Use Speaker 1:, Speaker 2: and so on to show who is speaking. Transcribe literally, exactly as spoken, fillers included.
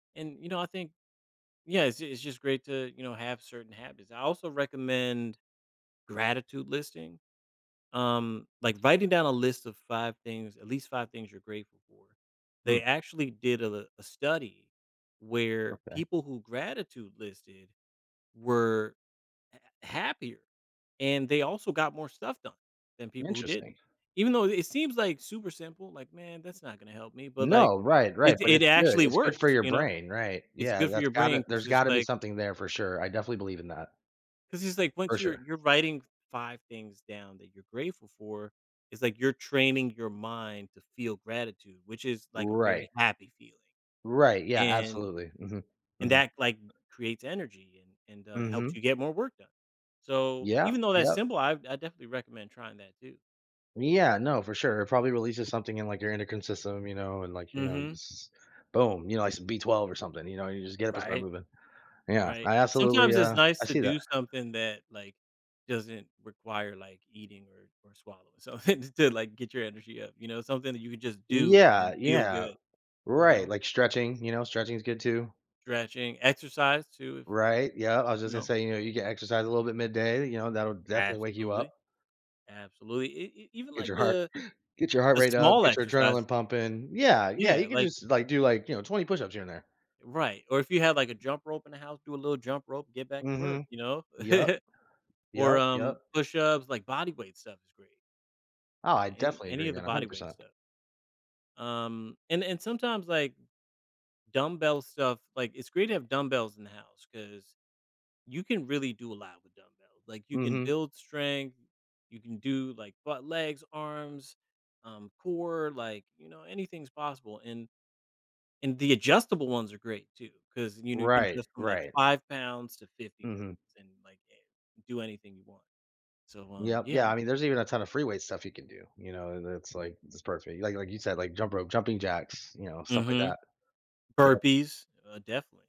Speaker 1: And, you know, I think yeah, it's it's just great to, you know, have certain habits. I also recommend gratitude listing, um, like, writing down a list of five things, at least five things you're grateful for.
Speaker 2: Mm.
Speaker 1: They actually did a l a study where
Speaker 2: Okay.
Speaker 1: people who gratitude listed were, uh, happier and they also got more stuff done than people who
Speaker 2: Interesting.
Speaker 1: didn't. Even though it seems like super simple, like, "Man, that's not gonna help me," but, like,
Speaker 2: No, right
Speaker 1: it
Speaker 2: right, but
Speaker 1: it
Speaker 2: it's good
Speaker 1: actually
Speaker 2: it's good for
Speaker 1: works,
Speaker 2: your
Speaker 1: you know?
Speaker 2: brain, right.
Speaker 1: It's
Speaker 2: Yeah,
Speaker 1: good for
Speaker 2: that's
Speaker 1: your
Speaker 2: gotta
Speaker 1: brain 'cause
Speaker 2: there's
Speaker 1: it's
Speaker 2: gotta be
Speaker 1: like
Speaker 2: something there for sure, I definitely believe in that.
Speaker 1: 'cause it's like
Speaker 2: For
Speaker 1: once you're
Speaker 2: sure.
Speaker 1: you're writing five things down that you're grateful for, it's like you're training your mind to feel gratitude, which is like a
Speaker 2: Right.
Speaker 1: very happy feeling,
Speaker 2: Right, yeah,
Speaker 1: and
Speaker 2: absolutely, mhm.
Speaker 1: and
Speaker 2: Mhm.
Speaker 1: that, like, creates energy and and, uh, helps you
Speaker 2: Mhm.
Speaker 1: get more work done, so,
Speaker 2: Yeah.
Speaker 1: even though that's
Speaker 2: Yep.
Speaker 1: simple, I've I definitely recommend trying that too.
Speaker 2: Yeah, no, for sure, it probably releases something in, like, your endocrine system, you know, and, like, you know,
Speaker 1: Mhm.
Speaker 2: jus boom, you know, like, some B12 or something, you know, you just get up and start
Speaker 1: Right.
Speaker 2: moving. Yeah.
Speaker 1: Right.
Speaker 2: I absolutely,
Speaker 1: Sometimes it's
Speaker 2: uh, I
Speaker 1: nice to
Speaker 2: see that.
Speaker 1: do something that, like, doesn't require, like, eating or or swallowing, so, instead like get your energy up, you know, something that you could just do and then
Speaker 2: Yeah,
Speaker 1: feel
Speaker 2: yeah.
Speaker 1: good you
Speaker 2: Right,
Speaker 1: know?
Speaker 2: like stretching, you know, stretching is good too.
Speaker 1: Stretching, exercise too, if
Speaker 2: Right, yeah, I was just
Speaker 1: you
Speaker 2: gonna
Speaker 1: know?
Speaker 2: say, you know, you get exercise a little bit midday, you know, that'll definitely wake you up.
Speaker 1: Absolutely. Absolutely, e e even
Speaker 2: Get
Speaker 1: like
Speaker 2: your heart
Speaker 1: the
Speaker 2: get your heart
Speaker 1: the
Speaker 2: rate up,
Speaker 1: small
Speaker 2: get your adrenaline
Speaker 1: exercise
Speaker 2: pumping Yeah, yeah, you
Speaker 1: Yeah,
Speaker 2: could
Speaker 1: like
Speaker 2: just, like, do, like, you know, twenty push-ups here and there.
Speaker 1: Right, or if you have, like, a jump rope in the house, do a little jump rope, get back to work,
Speaker 2: Mhm.
Speaker 1: you know?
Speaker 2: Yep. Yep,
Speaker 1: Or, um,
Speaker 2: yep.
Speaker 1: push-ups, like body weight stuff is great.
Speaker 2: Oh,
Speaker 1: Yeah,
Speaker 2: I
Speaker 1: any
Speaker 2: definitely
Speaker 1: any
Speaker 2: agree,
Speaker 1: of the
Speaker 2: man, a
Speaker 1: body
Speaker 2: hundred
Speaker 1: weight
Speaker 2: percent.
Speaker 1: stuff. Um, and and sometimes, like, dumbbell stuff, like, it's great to have dumbbells in the house 'cause you can really do a lot with dumbbells, like, you can
Speaker 2: Mhm.
Speaker 1: build strength, you can do, like, butt, legs, arms, um, core, like, you know, anything's possible and and the adjustable ones are great too 'cause, you know, you can
Speaker 2: Right.
Speaker 1: adjust from, like,
Speaker 2: Right.
Speaker 1: five pounds to fifty
Speaker 2: Mhm.
Speaker 1: pounds and, like, and do anything you want. So, um,
Speaker 2: Yep.
Speaker 1: yeah.
Speaker 2: Yeah, I mean, there's even a ton of free weight stuff you can do, you know, and it's like these parts where Like like you said, like, jump rope jumping jacks, you know, stuff like
Speaker 1: Mhm.
Speaker 2: that. Yep.
Speaker 1: Burpees, uh, definitely.